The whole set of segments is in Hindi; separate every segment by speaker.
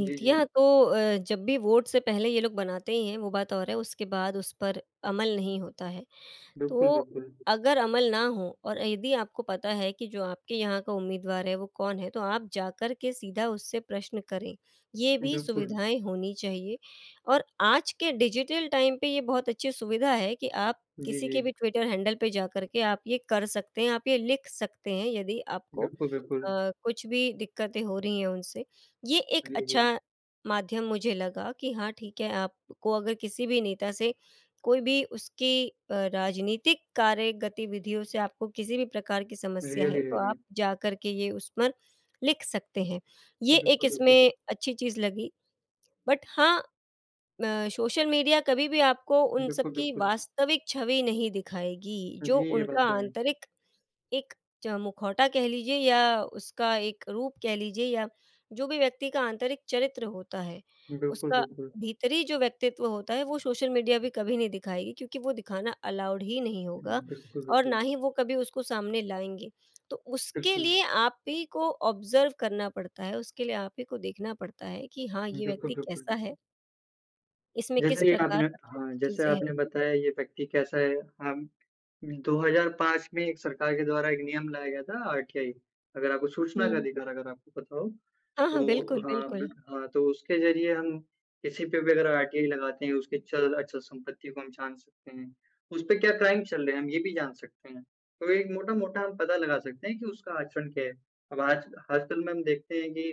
Speaker 1: जी, जी।
Speaker 2: तो अ, जब भी वोट से पहले ये लोग बनाते ही हैं वो बात और है उसके बाद उस पर अमल नहीं होता है।
Speaker 1: बिल्कुल,
Speaker 2: तो
Speaker 1: बिल्कुल।
Speaker 2: अगर अमल ना हो और यदि आपको पता है कि जो आपके यहाँ का उम्मीदवार है वो कौन है तो आप जाकर के सीधा उससे प्रश्न करें, ये भी
Speaker 1: बिल्कुल।
Speaker 2: सुविधाएँ होनी चाहिए और आज के डिजिटल टाइम पे ये बहुत अच्छी सुविधा है कि आप
Speaker 1: जी,
Speaker 2: किसी के
Speaker 1: जी।
Speaker 2: भी ट्विटर हैंडल पे जाकर के आप ये कर सकते हैं आप ये लिख सकते हैं यदि आपको अ,
Speaker 1: बिल्कुल, बिल्कुल।
Speaker 2: कुछ भी दिक्कतें हो रही हैं उनसे। ये एक
Speaker 1: जी, जी।
Speaker 2: अच्छा माध्यम मुझे लगा कि हाँ ठीक है, आपको अगर किसी भी नेता से कोई भी उसकी अ, राजनीतिक कार्य गतिविधियों से आपको किसी भी प्रकार की समस्या है
Speaker 1: रियली,
Speaker 2: तो आप
Speaker 1: रियली।
Speaker 2: जाकर के ये उस पर लिख सकते हैं। ये एक
Speaker 1: बिल्कुल, बिल्कुल,
Speaker 2: इसमें
Speaker 1: बि
Speaker 2: अच्छी चीज़ लगी। बट हाँ अ, सोशल मीडिया कभी भी आपको उन सब
Speaker 1: बिल्कुल,
Speaker 2: की
Speaker 1: बिल्कुल।
Speaker 2: वास्तविक छवि नहीं दिखाएगी। जो
Speaker 1: जी, ये बात
Speaker 2: उनका
Speaker 1: तो है।
Speaker 2: आंतरिक एक च मुखौटा कह लीजिए या उसका एक रूप कह लीजिए या जो भी व्यक्ति का आंतरिक चरित्र होता है,
Speaker 1: बिल्कुल,
Speaker 2: उसका
Speaker 1: बिल्कुल।
Speaker 2: भीतरी जो व्यक्तित्व होता है वो सोशल मीडिया भी कभी नहीं दिखाएगी। क्योंकि वो दिखाना अलाउड ही नहीं होगा
Speaker 1: उम, बिल्कुल,
Speaker 2: और
Speaker 1: बिल्कुल।
Speaker 2: ना ही वो कभी उसको सामने लाएँगे। तो उसके
Speaker 1: बिल्कुल।
Speaker 2: लिए आप ही को ऑब्जर्व करना पड़ता है, उसके लिए आप ही को देखना पड़ता है कि हाँ, ये
Speaker 1: बिल्कुल,
Speaker 2: व्यक्ति
Speaker 1: बिल्कुल,
Speaker 2: कैसा
Speaker 1: बिल्कुल।
Speaker 2: है इसमें किस
Speaker 1: जैसे ये
Speaker 2: प्रकार
Speaker 1: आपने
Speaker 2: की
Speaker 1: हाँ, जैसे
Speaker 2: चीज़ें हैं।
Speaker 1: आपने बताया ये व्यक्ति कैसा है हम 2005 में एक सरकार के द्वारा एक नियम लाया गया था आरटीआई। अगर आपको सूचना का
Speaker 2: हुँ।
Speaker 1: अधिकार अगर आपको पता हो,
Speaker 2: हाँ, हाँ,
Speaker 1: तो
Speaker 2: बिल्कुल,
Speaker 1: हाँ,
Speaker 2: बिल्कुल।
Speaker 1: बिट हाँ तो उसके ज़रिए हम किसी पे भी अगर आरटीआई लगाते हैं, उसके चल-अचल संपत्ति को हम जान सकते हैं। उसपे क्या क्राइम चल रहे हैं हम ये भी जान सकते हैं। तो एक मोटा-मोटा हम पता लगा सकते हैं कि उसका आचरण क्या है। अब आज आजकल में हम देखते हैं कि,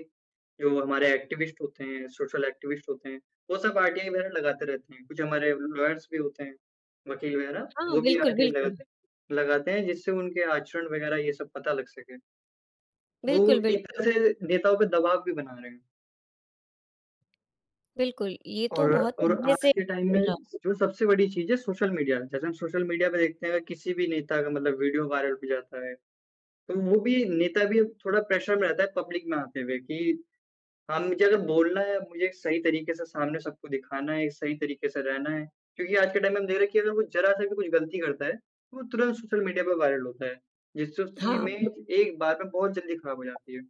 Speaker 1: जो हमारे एक्टिविस्ट होते हैं, सोशल एक्टिविस्ट होते हैं, वो सब आरटीआई वगैरह लगाते रहते हैं। कुछ हमारे लॉयर्स भी होते हैं, वकील वगैरह
Speaker 2: हाँ,
Speaker 1: वो भी
Speaker 2: बिल्कुल,
Speaker 1: आरटीआई
Speaker 2: बिल्कुल।
Speaker 1: लगाते लगाते हैं जिससे उनके आचरण वगैरह ये सब पता लग सकें। वो
Speaker 2: बिल्कुल,
Speaker 1: एक
Speaker 2: बिल्कुल।
Speaker 1: तरह नेताओं पे दबाव भी बना रहे हैं।
Speaker 2: बिल्कुल। ये तो
Speaker 1: और
Speaker 2: बहुत
Speaker 1: और
Speaker 2: पहले
Speaker 1: आज
Speaker 2: से
Speaker 1: के टाइम
Speaker 2: चल
Speaker 1: में
Speaker 2: रहा।
Speaker 1: स जो सबसे बड़ी चीज़ है सोशल मीडिया। जैसे हम सोशल मीडिया पे देखते हैं अगर किसी भी नेता का मतलब वीडियो वायरल हो जाता है, तो वो भी नेता भी थोड़ा प्रेशर में रहता है पब्लिक में आते हुए। कि हाँ, मुझे अगर बोलना है मुझे एक सही तरीके से सामने सबको दिखाना है, सही तरीके से रहना है। क्योंकि आज के टाइम में हम देख रहे हैं कि अगर वो ज़रा-सा भी कुछ गलती करता है तो वो तुरंत सोशल मीडिया पे वायरल होता है। जिससे उसकी
Speaker 2: हाँ।
Speaker 1: इमेज एक बार में बहुत जल्दी खराब हो जाती है।